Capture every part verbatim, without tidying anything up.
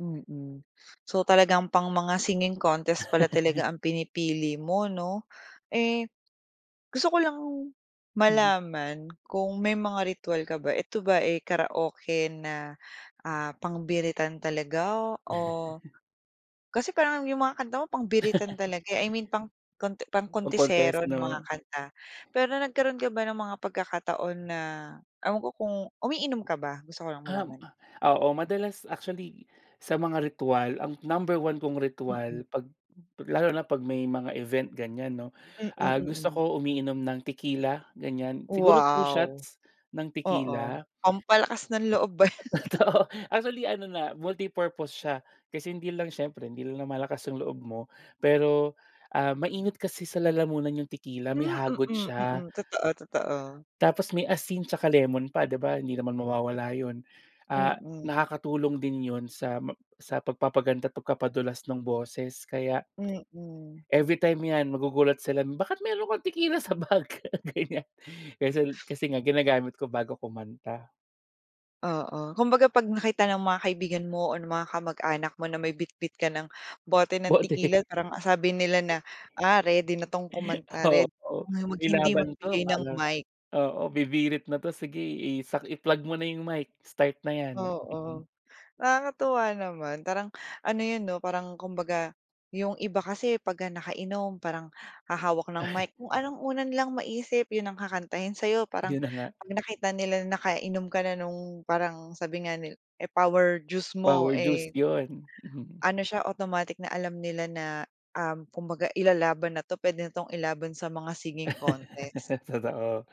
Mm. So, talagang pang mga singing contest pala talaga ang pinipili mo, 'no? Eh, gusto ko lang, Mhm. malaman kung, may mga ritwal ka ba, ito ba, eh, karaoke na, ah, pang-biritan talaga, o kasi parang, yung mga kanta mo pang-biritan talaga, i mean, pang konte pang-kontesero Pang-contest, na mga 'no? kanta. Pero, nagkaroon ka ba ng mga pagkakataon na, ewan ko kung umiinom ka ba? Gusto ko lang Um, malaman. ah, oo, madalas actually, sa mga ritwal, ang number one kong Mm. ritwal, 'pag lalo na 'pag, may mga event, ganyan 'no, Mm, ah, gusto mm. ko umiinom ng tequila, ganyan. Siguro two Wow! shots ng Oo, tequila. pampalakas ng loob ba yan? Totoo, actually, ano na, multi-purpose siya, kasi hindi lang siyempre hindi lang lumalakas yung loob mo, pero, ah, mainit kasi sa lalamunan yung tequila, may Hmm, hagod mm, siya. mm, totoo, totoo. Tapos may asin tsaka lemon pa, 'di ba? Hindi naman mawawala 'yon, ah, Mm. nakakatulong din 'yon sa, ma sa pagpapaganda at pagpapadulas ng boses, kaya Mm. everytime yan, magugulat sila, "Bakit meron kang tequila sa bag," ganyan. Kasi kasi nga, ginagamit ko bago kumanta. Oo, kumbaga, 'pag nakita ng mga kaibigan mo, or ng mga kamag-anak mo, na may bitbit ka ng, bote ng Bote. tequila, parang, ah, sabi nila na, "Ah, ready na 'tong kumanta, read Oo, ng may hindi laban 'to, magbigay ng parang mic." oo, bibirit na 'to, sige isak i-plug mo na yung mic, start na yan. Oo. Nakakatuwa naman, parang, ano yun, 'no, parang kumbaga, yung iba kasi pagka nakainom parang, hahawak ng Ay. mic, kung anong una nilang maisip, 'yon ang kakantahin sa'yo parang, Yun na nga. 'pag nakita nila na nakainom ka na 'nong, parang sabi nga ni eh, power juice mo, Power juice eh 'yon, mhm. ano siya, automatic na alam nila na, um, kumbaga ilalaban na 'to, puwede na 'tong ilaban sa mga singing contest. Totoo.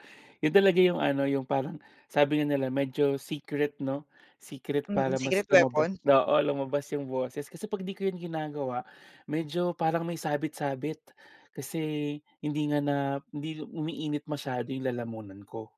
'Yon talaga yung ano, yung parang, sabi nga nila medyo, secret 'no, secret Mm, para mas secret lumabas weapon? oo, lumabas yung boses, kasi 'pag 'di ko yun ginagawa, medyo parang may sabit-sabit. Kasi, hindi nga na hindi umiinit masyado yung lalamunan ko.